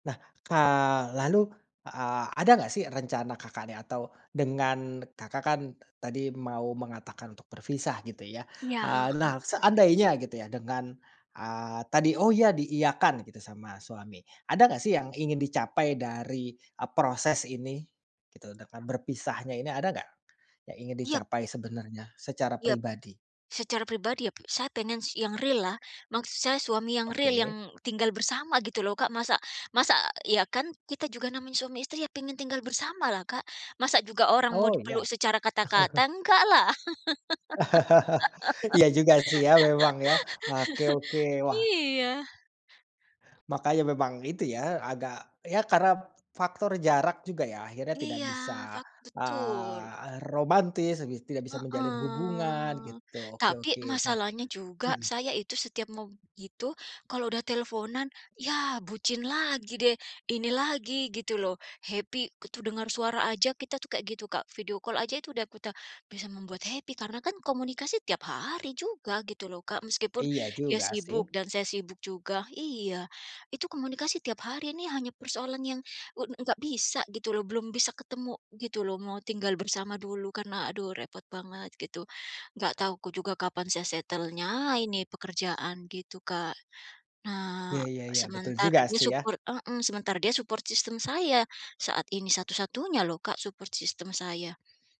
Nah, ka lalu, a ada nggak sih rencana Kakaknya, atau dengan Kakak kan tadi mau mengatakan untuk berpisah gitu ya, Iya, eee, heeh. nah seandainya gitu ya dengan, eee, tadi, oh iya diiyakan gitu sama suami. Ada nggak sih yang ingin dicapai dari, eee, proses ini? Gitu, dengan berpisahnya ini ada nggak, yang ingin Iyap. dicapai sebenarnya secara Iyap, pribadi? secara pribadi ya p saya pengen si yang real-lah, maksud saya suami yang real Oke. yang tinggal bersama gitu loh, Kak. Masa masa iya, kan kita juga namanya suami istri ya pengen tinggal bersama lah Kak, masa juga orang mau Oh, iya? dipeluk secara kata-kata, enggaklah. Iya juga sih ya memang ya. Nah oke oke, wah. Iya. Makanya memang itu ya agak ya karena faktor jarak juga ya, akhirnya tidak Iya, bisa, fak betul. eee, romantis gi tidak bisa menjalin hubungan, Heeh. gitu. Oke Tapi oke nah masalahnya juga mhm? saya itu setiap mau begitu kalau udah teleponan, yah bucin lagi deh, ini lagi gitu loh, happy gitu dengar suara aja kita tuh kayak gitu Kak, video call aja itu udah kita bisa membuat happy karena kan komunikasi tiap hari juga gitu loh, Kak. Meskipun, Iya dia juga sibuk sih. dan saya sibuk juga, iya, itu komunikasi tiap hari ini hanya persoalan yang u nggak bisa gitu loh, belum bisa ketemu gitu loh, mau tinggal bersama dulu, karena aduh repot banget gitu. Nggak tahu ku juga kapan saya settle-nya ini pekerjaan gitu, Kak. Nah, Iya iya iya, betul sementara juga dia sih ya. support heeh, sementara dia support system saya saat ini satu-satunya loh Kak, support system saya.